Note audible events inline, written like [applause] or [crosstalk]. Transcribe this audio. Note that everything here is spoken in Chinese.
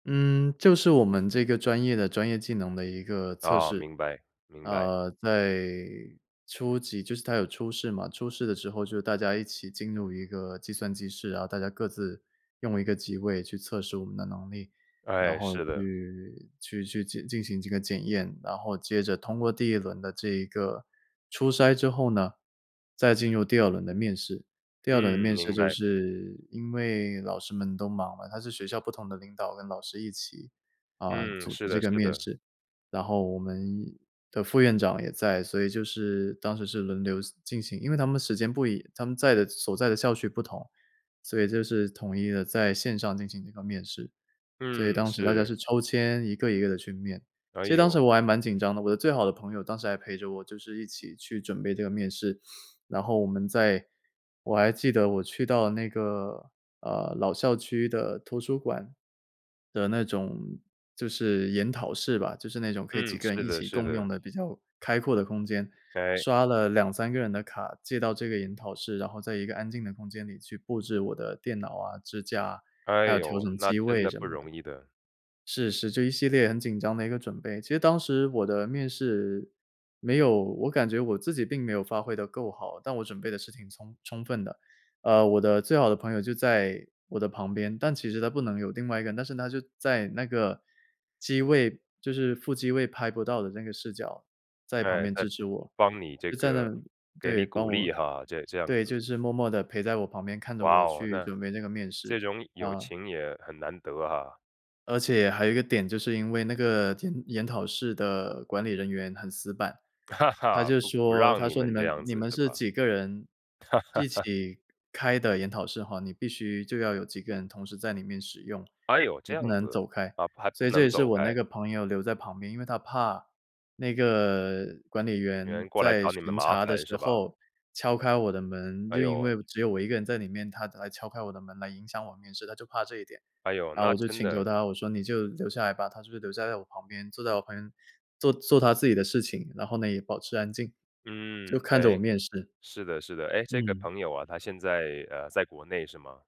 嗯，就是我们这个专业的专业技能的一个测哦，试。明白，明白。呃，在初期，就是它有初试嘛，初试的时候就大家一起进入一个计算机机室，然后大家各自用一个机位去测试我们的能力，然哎，后是的。去去去进进行这个检验，然后接着通过第1轮的这一个初筛之后呢，再进入第2轮的面试。第2轮嗯，面试，明就白。是因为老师们都忙吗，他是学校不同的领导跟老师一起，呃，嗯，组是织这的个是面的。试。然后我们的副院长也在，所以就是当时是轮流进行，因为他们的时间不一样，他们在的所在的校区不同，所以就是统一地在线上进行一个面试，所以嗯，当时大家是。是抽签一个一个地去面。哎其实当时哟。我还蛮紧张的，我的最好的朋友当时还陪着我，就是一起去准备这个面试，[sniffs] 然后我们在我还记得我去到那个，呃，老校区的图书馆的那种，就是研讨室吧，就是那种可以几嗯，个人是一的起是共用的。的比较开阔的空间，哎。刷了2-3个人的卡，借到这个研讨室，然后在一个安静的空间里去布置我的电脑啊、支架啊，还哎有调哟，整那机真位的什不么的。容易的。是，是，就一系列很紧张的一个准备。其实当时我的面试，没有我感觉我自己并没有发挥得够好，但我准备的是挺充充分的。呃，我的最好的朋友就在我的旁边，但其实他不能有另外一个人，但是他就在那个机位，就是副机位拍不到的那个视角，在旁诶，边在支持我。帮你这就在个那给对，你鼓帮励我，哈，这这样对，子。就是默默地陪在我旁边看着哇我哦，去那，准备那个面试，这种友呃。情也很难得啊。而且还有一个点，就是因为那个点，研讨室的管理人员很死板，他 [laughs] 就不不说，让他你说你们这们样你子们是是吧。几个人一 [laughs] 起开的研讨室哈，你必须就要有几个人同时在里面使用，哎哟，这你样不能子，走开。啊，怕所不以这能也是走我那开。个朋友留在旁边，因为他怕那个管理有员人过来在找你们巡麻查的烦时是吧。候，敲开我的门，哎就因呦。为只有我1个人在里面，他他来敲开我的门来影响我面试，他就怕这一点。哎呦，然后那我就真请求的他，我说你就留下来吧。他就留在我旁边，坐在我旁边，做做他自己的事情，然后呢，也保持安静，嗯，就看着我欸，面试。是的是的，诶，这个嗯。朋友啊，他现在，呃，在国内是吗？